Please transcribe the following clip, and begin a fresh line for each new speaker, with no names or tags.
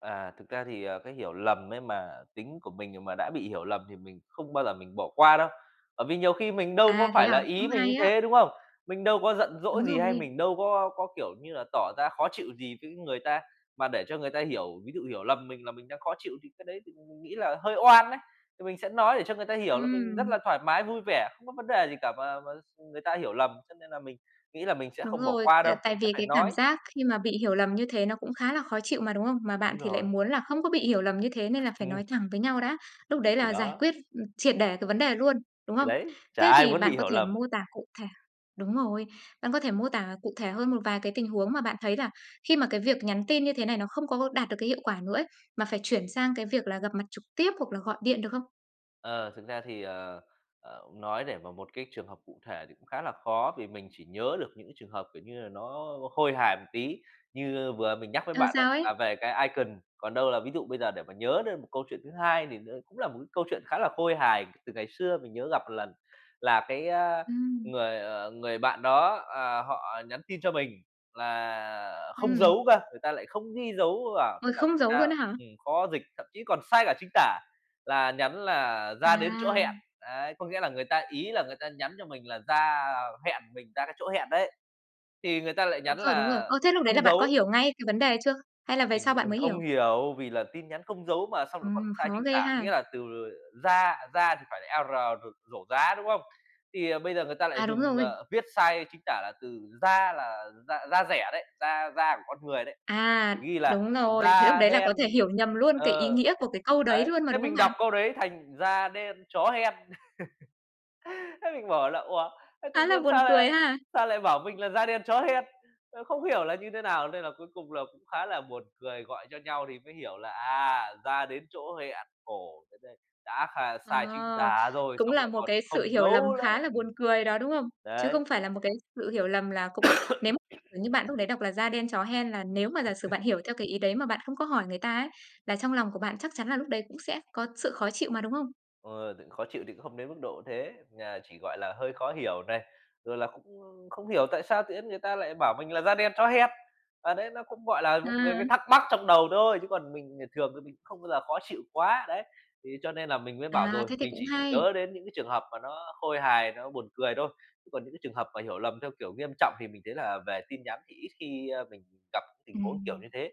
À, thực ra thì, à, cái hiểu lầm ấy mà tính của mình mà đã bị hiểu lầm thì mình không bao giờ mình bỏ qua đâu, bởi vì nhiều khi mình đâu có
À, thế
phải là
à? Cũng
ý mình như
hay á.
thế, đúng không? Mình đâu có giận dỗi
Đúng
gì hay
rồi.
mình đâu có có, kiểu như là, tỏ ra khó chịu gì với người ta, mà để cho người ta hiểu ví dụ hiểu lầm mình là mình đang khó chịu thì cái đấy thì mình nghĩ là hơi oan ấy. Thì mình sẽ nói để cho người ta hiểu là mình rất
Ừm!
là thoải mái, vui vẻ, không có vấn đề gì cả và và s ừm, người ta hiểu lầm. Cho nên là mình nghĩ là mình sẽ
Đúng
không bỏ
rồi,
qua
t
đâu.
tại
Mình sẽ
vì
phải
cái cảm
nói.
giác khi mà bị hiểu lầm như thế nó cũng khá là khó chịu mà, đúng không? Mà bạn
Đúng
thì lại
rồi.
muốn là không có bị hiểu lầm như thế nên là phải
Ừm.
nói thẳng với nhau đã. Lúc đấy
Thì
là giải
đó.
quyết, ừm, triệt để cái vấn đề luôn, đúng
Thì
không?
đấy. Chả
Thế
ai
thì
muốn bị
bạn có
hiểu
thể
lầm.
mô tả cụ thể đúng rồi, bạn có thể mô tả cụ thể hơn một vài cái tình huống mà bạn thấy là khi mà cái việc nhắn tin như thế này nó không có đạt được cái hiệu quả nữa ấy, mà phải chuyển sang cái việc là gặp mặt trực tiếp, hoặc là gọi điện được không?
Ờ, thực ra thì, ờ, ờ, nói để vào một cái trường hợp cụ thể thì cũng khá là khó vì mình chỉ nhớ được những cái trường hợp, kiểu như là, nó, ơ, khôi hài một tí. Như vừa mình nhắc với
Ờ,
bạn ấy
sao ấy?
là về cái icon, còn đâu là ví dụ bây giờ để mà nhớ đến một câu chuyện thứ hai thì nó đúng là một cái câu chuyện khá là khôi hài, từ ngày xưa mình nhớ gặp 1 lần là cái, ơ,
Ừm.
người, ờ, người bạn đó, ờ, họ nhắn tin cho mình là không
Ừm.
dấu cơ, người ta lại không ghi dấu vào thế
Ôi,
là
không
thành
dấu
ra,
luôn á hả?
ừm, khó dịch, thậm chí còn sai cả chính tả, là nhắn là "Ra đến chỗ hẹn.''
À.
Đấy, có nghĩa là người ta ý là người ta nhắn cho mình là ra, ờ, hẹn mình ra cái chỗ hẹn đấy, thì người ta lại
Đúng
nhắn
rồi, đúng rồi.
là
Ơ, thế lúc đấy là
không
bạn có
dấu.
hiểu ngay cái vấn đề ấy chưa? Hay là về
Mình
sau bạn
mình
mới
không
hiểu?
hiểu vì là tin nhắn không dấu mà xong lại còn
Ừm,
sai
khó
chính
ghê
tả,
ha.
nghĩa là từ, ờ, ra ra thì phải là "r" r rổ rá, đúng không? Thì, ờ, bây giờ người ta lại
À, đúng
dùng,
rồi.
ờ, viết sai chính tả là từ "ra" là da da dẻ đấy, da da của con người đấy,
À!
ghi là
Đúng rồi, thế lúc
"Da
đấy là có
đen."
thể hiểu nhầm luôn cái ý
Ờ.
nghĩa của cái câu đấy
Đấy,
luôn mà,
thế
đúng không
mình
bạn?
đọc câu đấy thành: "Da đen chó hen." Thế mình bảo là "Ủa, thế tự
Khá là
nhiên
buồn
sao lại
cười ha!
sao lại bảo mình là "Da đen chó hen." Ơ, không hiểu là như thế nào?" Nên là cuối cùng là cũng khá là buồn cười, gọi cho nhau thì mới hiểu là "À, ra đến chỗ hẹn", khổ thật đấy, đã kh sai chính
Ờ.
tả rồi,
Cũng
xong
là
lại
một
còn
cái sự
không
hiểu lầm
dấu nữa.
khá là buồn
Ừm.
cười đó, đúng không? Chứ
Đấy.
không phải là một cái sự hiểu lầm là cũng nếu m kiểu như bạn lúc đấy đọc là "Da đen chó hen" là nếu mà giả sử bạn hiểu theo cái ý đấy mà bạn không có hỏi người ta ấy, là trong lòng của bạn chắc chắn là lúc đấy cũng sẽ có sự khó chịu mà, đúng không?
Ờ, khó chịu thì cũng không đến mức độ thế, ờ, chỉ, gọi là, hơi khó hiểu này, rồi là cũng, ưm, không hiểu tại sao tự nhiên người ta lại bảo mình là "Da đen chó hen." À, đấy, nó cũng, gọi là, một cái
Ừm.
thắc mắc trong đầu thôi, chứ còn mình, ờ, thường thì mình cũng không bao giờ khó chịu quá. Đấy, thế cho nên là mình mới bảo
À,
rồi,
thế thì
mình
cũng
chỉ
hay.
nhớ đến những cái trường hợp mà nó khôi hài, nó buồn cười thôi. Chứ còn những cái trường hợp mà hiểu lầm theo, kiểu, nghiêm trọng thì mình thấy là về tin nhắn thì ít khi, ơ, mình gặp tình huống kiểu
Ừm.
như thế.